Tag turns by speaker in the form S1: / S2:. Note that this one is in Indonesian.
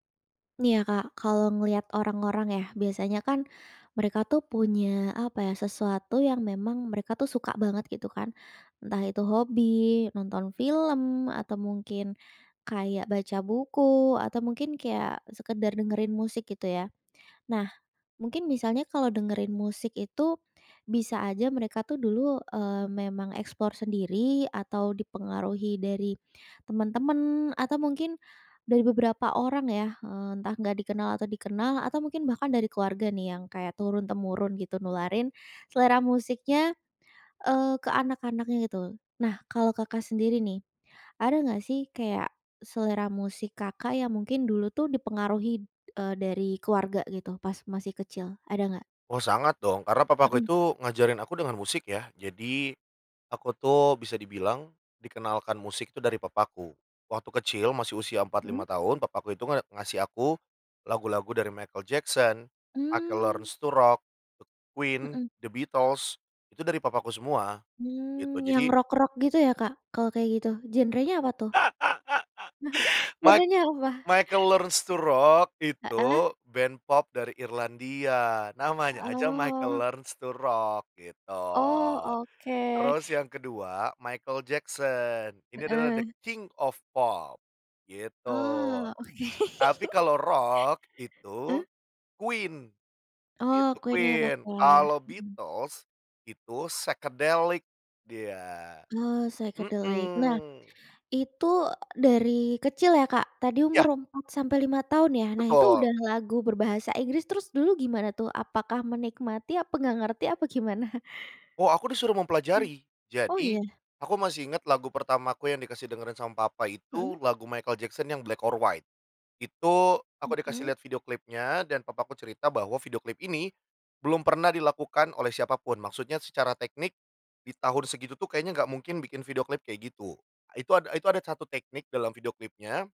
S1: Nih ya, Kak, kalau ngelihat orang-orang ya, biasanya kan mereka tuh punya apa ya, sesuatu yang memang mereka tuh suka banget gitu kan. Entah itu hobi, nonton film, atau mungkin kayak baca buku, atau mungkin kayak sekadar dengerin musik gitu ya. Nah, mungkin misalnya kalau dengerin musik itu, bisa aja mereka tuh dulu, mmm, memang explore sendiri atau dipengaruhi dari teman-teman, atau mungkin dari beberapa orang ya, eee, entah enggak dikenal atau dikenal, atau mungkin bahkan dari keluarga nih yang kayak turun-temurun gitu nularin selera musiknya, eee, ke anak-anaknya gitu. Nah, kalau Kakak sendiri nih, ada enggak sih kayak selera musik, Kakak yang mungkin dulu tuh dipengaruhi, eee, dari keluarga gitu pas masih kecil? Ada enggak?
S2: Oh sangat dong. Karena papaku
S1: Mhm.
S2: itu ngajarin aku dengan musik ya. Jadi, aku tuh bisa dibilang dikenalkan musik itu dari papaku. Waktu kecil masih usia empat,
S1: Mhm.
S2: lima tahun, papaku itu nge ngasih aku lagu-lagu dari Michael Jackson, Michael
S1: Mmm.
S2: Learns to Rock, e Queen,
S1: Mhm.
S2: The Beatles itu dari papaku semua gitu.
S1: Mmm, yang
S2: Jadi
S1: rock-rock gitu ya, Kak, kalau kayak gitu. Genre-nya apa tuh?
S2: mic
S1: Genre-nya apa?
S2: Michael Learns to Rock itu
S1: Heeh.
S2: band pop dari Irlandia, namanya aja Michael
S1: Oh.
S2: Learns to Rock gitu.
S1: Oh, oke.
S2: Terus yang kedua Michael Jackson. Ini adalah "the
S1: Heeh.
S2: king of pop," gitu.
S1: Oh, oke.
S2: Tapi kalau rock
S1: Heeh.
S2: itu Queen
S1: Oh
S2: itu
S1: Queen yang rock
S2: Queen.
S1: ya.
S2: Kalau
S1: Mhm.
S2: Beatles itu psychedelic dia
S1: Oh, psychedelic. Nah,
S2: mhm.
S1: itu, e dari kecil ya, Kak, tadi
S2: Ya.
S1: umur 4 sampai 5 tahun ya. Nah, itu
S2: Betul.
S1: udah lagu berbahasa Inggris, terus dulu gimana tuh. Apakah menikmati, apa enggak ngerti, apa gimana?
S2: Oh aku disuruh
S1: Mhm.
S2: mempelajari.
S1: Oh
S2: Jadi,
S1: iya?
S2: aku masih inget lagu pertamaku yang dikasih dengerin sama papa
S1: Mhm.
S2: itu lagu Michael Jackson yang "Black or White." Itu aku dikasih
S1: Mhm.
S2: lihat video klipnya dan papa aku cerita bahwa video klip ini, belum pernah dilakukan oleh siapapun. Maksudnya secara teknik, di tahun segitu tuh kayaknya enggak mungkin bikin video klip kayak gitu. Itu ada itu ada satu teknik dalam video klipnya